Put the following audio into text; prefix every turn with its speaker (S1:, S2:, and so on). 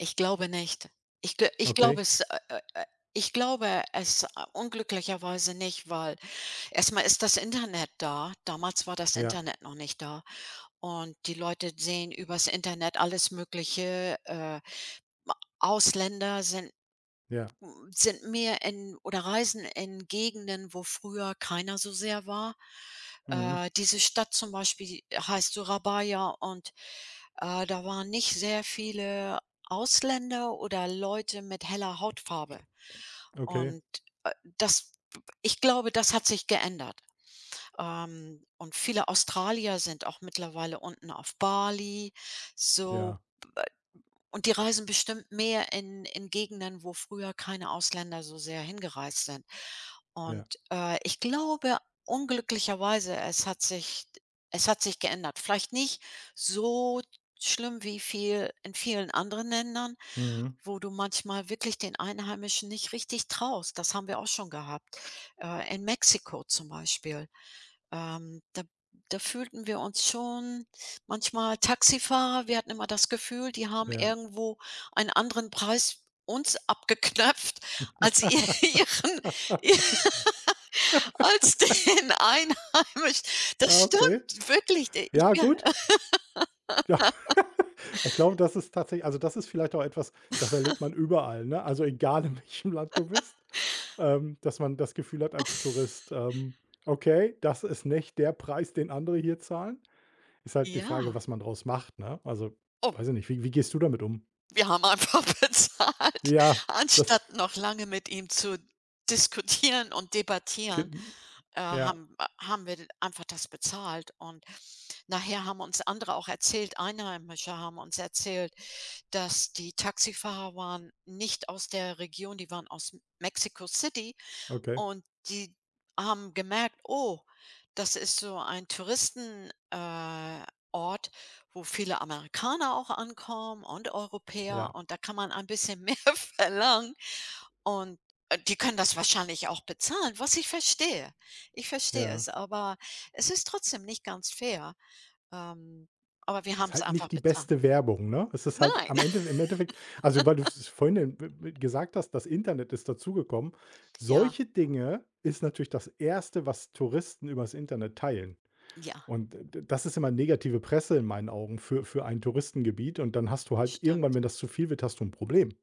S1: Ich glaube nicht. Ich g ich
S2: Okay.
S1: glaube, es, äh, äh, äh ich glaube es, äh, unglücklicherweise nicht, weil erstmal ist das Internet da. Damals war das
S2: Ja.
S1: Internet noch nicht da und die Leute sehen übers Internet alles Mögliche, äh, ma Ausländer sind
S2: Ja.
S1: sind mehr in oder reisen in Gegenden, wo früher keiner so sehr war.
S2: Mhm.
S1: Äh, diese Stadt zum Beispiel heißt Surabaya und, äh, da waren nicht sehr viele Ausländer oder Leute mit heller Hautfarbe
S2: Okay.
S1: und, äh, das ich glaube, das hat sich geändert, ähm, und viele Australier sind auch mittlerweile unten auf Bali so,
S2: Ja.
S1: und die reisen bestimmt mehr in in Gegenden, wo früher keine Ausländer so sehr hingereist sind und,
S2: Ja.
S1: äh, ich glaube unglücklicherweise, es hat sich d es hat sich geändert. Vielleicht nicht so schlimm wie viel in vielen anderen Ländern,
S2: Mhm.
S1: wo du manchmal wirklich den Einheimischen nicht richtig traust, das haben wir auch schon gehabt. Äh, in Mexiko zum Beispiel, ähm, da da fühlten wir uns schon manchmal Taxifahrer, wir hatten immer das Gefühl, die haben
S2: Ja.
S1: irgendwo ein anderen Preis uns abgeknöpft als ihren ihr als den Einheimisch das
S2: Ah, okay.
S1: stimmt, wirklich, d ich,
S2: Ja,
S1: ja.
S2: gut. Ja, ich glaube, das ist tatsächlich also, das ist vielleicht auch etwas, das erlebt man überall, ne, also, egal, in welchem Land du bist, ähm, dass man das Gefühl hat als Tourist, ähm: „Okay, das ist nicht der Preis, den andere hier zahlen.“ Ist halt die Frage,
S1: Ja.
S2: was man draus macht, ne? Also,
S1: Oh.
S2: weiß ich nicht, wie wie gehst du damit um?
S1: Wir haben einfach bezahlt.
S2: Ja, das
S1: Anstatt noch lange mit ihm zu diskutieren und
S2: G
S1: debattieren, äh,
S2: ja.
S1: haben, äh haben wir einfach das bezahlt und nachher haben uns andere auch erzählt Einheimische haben uns erzählt, dass die Taxifahrer waren nicht aus der Region, die waren aus M Mexiko City
S2: Okay.
S1: und die haben gemerkt: „Oh, das ist so ein Touristen äh, Ort, wo viele Amerikaner auch ankommen und Europäer
S2: Ja.
S1: und da kann man ein bisschen mehr verlangen und, äh, die können das wahrscheinlich auch bezahlen“, was ich verstehe. Ich verstehe
S2: Ja.
S1: es, aber es ist trotzdem nicht ganz fair. Ähm, aber wir
S2: Ist
S1: haben's
S2: halt
S1: einfach
S2: nicht die
S1: bezahlt.
S2: beste Werbung, ne? Es ist halt,
S1: Nein.
S2: am Endeffe im Endeffekt also, weil du es vorhin erw w gesagt hast: „Das Internet ist dazugekommen.“
S1: Ja.
S2: Solche Dinge ist natürlich das 1. was Touristen übers Internet teilen
S1: Ja.
S2: und d das ist immer negative Presse in meinen Augen für für ein Touristengebiet und dann hast du halt irgendwann,
S1: Stimmt.
S2: wenn das zu viel wird, hast du 'n Problem.